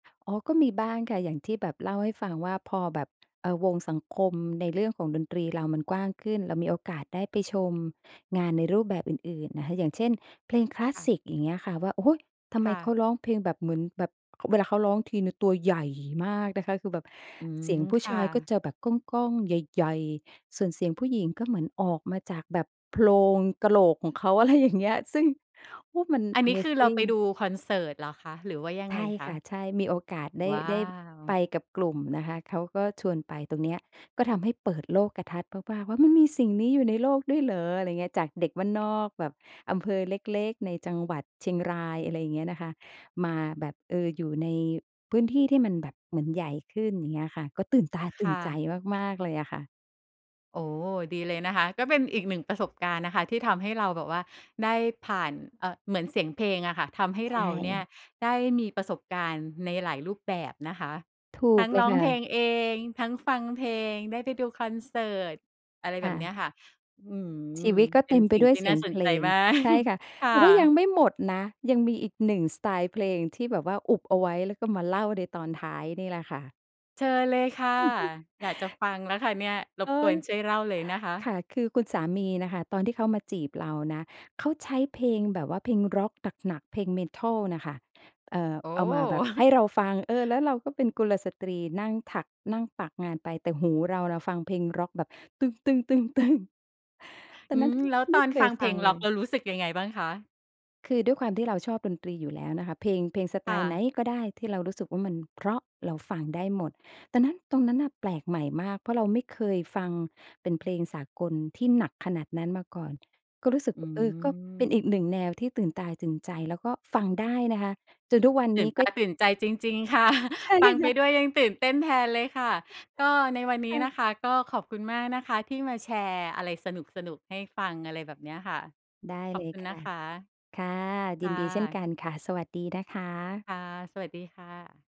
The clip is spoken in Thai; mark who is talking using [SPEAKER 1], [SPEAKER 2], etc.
[SPEAKER 1] อ๋อ ก็มีบ้างค่ะ อย่างที่แบบเล่าให้ฟังว่า พอแบบ อ่า วงสังคมในเรื่องของดนตรีเรามันกว้างขึ้น เรามีโอกาสได้ไปชมงานในรูปแบบอื่น ๆ อะฮะ อย่างเช่นเพลงคลาส
[SPEAKER 2] ค่ะ
[SPEAKER 1] สิก อย่างเงี้ยค่ะ ว่า โอ้ ทำ
[SPEAKER 2] ค
[SPEAKER 1] ไม
[SPEAKER 2] ่
[SPEAKER 1] เข
[SPEAKER 2] ะ
[SPEAKER 1] าร้องเพลงแบบเหมือนแบบ ค เวลาเขาร้องทีหนึ่งตัวใหญ่มากนะคะ คือแบบ
[SPEAKER 2] อื
[SPEAKER 1] เส
[SPEAKER 2] ม
[SPEAKER 1] ียงผู้
[SPEAKER 2] ค
[SPEAKER 1] ช
[SPEAKER 2] ่
[SPEAKER 1] ายก็
[SPEAKER 2] ะ
[SPEAKER 1] จะแบบก้อง ๆ ใหญ่ ๆ ส่วนเสียงผู้หญิงก็เหมือนออกมาจากแบบโพรงกะโหลกของเขา อะไรอย่างเงี้ย ซึ่ง โอ้ มัน
[SPEAKER 2] อัน
[SPEAKER 1] อะ
[SPEAKER 2] นี
[SPEAKER 1] เ
[SPEAKER 2] ้
[SPEAKER 1] ม
[SPEAKER 2] คือ
[SPEAKER 1] ซ
[SPEAKER 2] เรา
[SPEAKER 1] ิง
[SPEAKER 2] ไปดูคอนเสิร์ตเหรอคะ หรือว่ายัง
[SPEAKER 1] ใช
[SPEAKER 2] ไง
[SPEAKER 1] ่
[SPEAKER 2] ค
[SPEAKER 1] ค
[SPEAKER 2] ะ?
[SPEAKER 1] ่ะ ใช่ มีโอกาสได้
[SPEAKER 2] ว้า
[SPEAKER 1] ได้ไ
[SPEAKER 2] ว
[SPEAKER 1] ปกับกลุ่มนะคะ เขาก็ชวนไปตรงเนี้ย ก็ทำให้เปิดโลกทัศน์มาก ๆ ว่า "มันมีสิ่งนี้อยู่ในโลกด้วยเหรอ?" อะไรอย่างเงี้ย จากเด็กบ้านนอกแบบอำเภอเล็ก ๆ ในจังหวัดเชียงราย อะไรอย่างเงี้ยนะคะ มาแบบ เออ อยู่ในพื้นที่ที่มันแบบเหมือนใหญ่ขึ้น อย่างเงี้ยค่ะ ก็ตื่นตา
[SPEAKER 2] ค
[SPEAKER 1] ตื่
[SPEAKER 2] ่
[SPEAKER 1] นใจ
[SPEAKER 2] ะ
[SPEAKER 1] มาก ๆ เลยอะค่ะ
[SPEAKER 2] โอ้ ดีเลยนะคะ ก็เป็นอีก 1 ประสบการณ์นะคะที่ทำให้เราแบบว่าได้ผ่าน เอ่อ เหมือนเสียงเพลงอะค่ะ ทำให้
[SPEAKER 1] ใช
[SPEAKER 2] เราเนี่ย
[SPEAKER 1] ่
[SPEAKER 2] ได้มีประสบการณ์ในหลายรูปแบบนะคะ
[SPEAKER 1] ถู
[SPEAKER 2] ท
[SPEAKER 1] ก
[SPEAKER 2] ั้ง
[SPEAKER 1] เล
[SPEAKER 2] ร
[SPEAKER 1] ย
[SPEAKER 2] ้อ
[SPEAKER 1] ค
[SPEAKER 2] ง
[SPEAKER 1] ่
[SPEAKER 2] เพล
[SPEAKER 1] ะ
[SPEAKER 2] งเอง ทั้งฟังเพลง ได้ไปดูคอนเสิร์ต อะไร
[SPEAKER 1] ค
[SPEAKER 2] แบ
[SPEAKER 1] ่
[SPEAKER 2] บเนี้
[SPEAKER 1] ะ
[SPEAKER 2] ยค่ะ อื
[SPEAKER 1] ชี
[SPEAKER 2] อ
[SPEAKER 1] วิตก็
[SPEAKER 2] เป
[SPEAKER 1] เ
[SPEAKER 2] ็
[SPEAKER 1] ต
[SPEAKER 2] น
[SPEAKER 1] ็มไ
[SPEAKER 2] ส
[SPEAKER 1] ป
[SPEAKER 2] ิ่ง
[SPEAKER 1] ด้ว
[SPEAKER 2] ท
[SPEAKER 1] ย
[SPEAKER 2] ี่
[SPEAKER 1] เส
[SPEAKER 2] น
[SPEAKER 1] ี
[SPEAKER 2] ่
[SPEAKER 1] ย
[SPEAKER 2] า
[SPEAKER 1] ง
[SPEAKER 2] ส
[SPEAKER 1] เ
[SPEAKER 2] น
[SPEAKER 1] พ
[SPEAKER 2] ใ
[SPEAKER 1] ล
[SPEAKER 2] จ
[SPEAKER 1] ง
[SPEAKER 2] มาก
[SPEAKER 1] ใช่ค่ะ
[SPEAKER 2] ค่
[SPEAKER 1] แต่ว่ายัง
[SPEAKER 2] ะ
[SPEAKER 1] ไม่หมดนะ ยังมีอีก 1 สไตล์เพลงที่แบบว่าอุบเอาไว้ แล้วก็มาเล่าในตอนท้ายนี่แหละค่ะ
[SPEAKER 2] เชิญเลยค่ะ อยากจะฟังแล้วค่ะเนี่ย ร
[SPEAKER 1] อ
[SPEAKER 2] บ
[SPEAKER 1] ้า
[SPEAKER 2] กว
[SPEAKER 1] ว
[SPEAKER 2] นช่วยเล่าเลยนะคะ
[SPEAKER 1] ค่ะ คือคุณสามีน่ะค่ะ ตอนที่เขามาจีบเรานะ เขาใช้เพลงแบบว่าเพลงร็อกหนัก ๆ เพลง Metal น่ะค่ะ เอ่อ
[SPEAKER 2] โอ้
[SPEAKER 1] เอา
[SPEAKER 2] โ
[SPEAKER 1] มาแบ
[SPEAKER 2] ฮ!
[SPEAKER 1] บให้เราฟัง เออ แล้วเราก็เป็นกุลสตรีนั่งถัก นั่งปักงานไป แต่หูเราน่ะฟังเพลงร็อกแบบ ตอ
[SPEAKER 2] อื
[SPEAKER 1] นนั้น
[SPEAKER 2] ม แล้วต
[SPEAKER 1] ไม
[SPEAKER 2] อ
[SPEAKER 1] ่
[SPEAKER 2] น
[SPEAKER 1] เค
[SPEAKER 2] ฟั
[SPEAKER 1] ย
[SPEAKER 2] งเพ
[SPEAKER 1] ฟ
[SPEAKER 2] ล
[SPEAKER 1] ัง
[SPEAKER 2] งร
[SPEAKER 1] เ
[SPEAKER 2] ็
[SPEAKER 1] ล
[SPEAKER 2] อก
[SPEAKER 1] ย
[SPEAKER 2] แล้วรู้สึกยังไงบ้างคะ?
[SPEAKER 1] คือด้วยความที่เราชอบดนตรีอยู่แล้วน่ะค่ะ เพลง เพลงสไ
[SPEAKER 2] ค
[SPEAKER 1] ต
[SPEAKER 2] ่
[SPEAKER 1] ล์ไหน
[SPEAKER 2] ะ
[SPEAKER 1] ก็ได้ที่เรารู้สึกว่ามันเพราะเราฟังได้หมด ดังนั้น ตรงนั้นน่ะแปลกใหม่มาก เพราะเราไม่เคยฟังเป็นเพลงสากลที่หนักขนาดนั้นมาก่อน ก็รู้สึก
[SPEAKER 2] อื
[SPEAKER 1] เออ ก็เป็น
[SPEAKER 2] ม
[SPEAKER 1] อีก 1 แนวที่ตื่นตาตื่นใจ แล้วก็ฟังได้นะคะ จนทุกวัน
[SPEAKER 2] ต
[SPEAKER 1] น
[SPEAKER 2] ื่
[SPEAKER 1] ี้
[SPEAKER 2] นต
[SPEAKER 1] ก็
[SPEAKER 2] าตื่นใจจริง ๆ ค่ะ
[SPEAKER 1] ใช่
[SPEAKER 2] ฟังไ
[SPEAKER 1] ค
[SPEAKER 2] ป
[SPEAKER 1] ่ะ
[SPEAKER 2] ด้วยยังตื่นเต้นแทนเลยค่ะ ก็ในวันน
[SPEAKER 1] ค
[SPEAKER 2] ี้
[SPEAKER 1] ่
[SPEAKER 2] น
[SPEAKER 1] ะ
[SPEAKER 2] ะคะก็ขอบคุณมากนะคะที่มาแชร์อะไรสนุก ๆ ให้ฟัง อะไรแบบเนี้ยค่ะ
[SPEAKER 1] ได้
[SPEAKER 2] ขอ
[SPEAKER 1] เล
[SPEAKER 2] บค
[SPEAKER 1] ย
[SPEAKER 2] ุณ
[SPEAKER 1] ค
[SPEAKER 2] นะ
[SPEAKER 1] ่ะ
[SPEAKER 2] คะ
[SPEAKER 1] ค่ะ ย
[SPEAKER 2] ค
[SPEAKER 1] ิน
[SPEAKER 2] ่
[SPEAKER 1] ดีเช่น
[SPEAKER 2] ะ
[SPEAKER 1] กันค่ะ สวัสดีนะคะ
[SPEAKER 2] ค่ะ สวัสดีค่ะ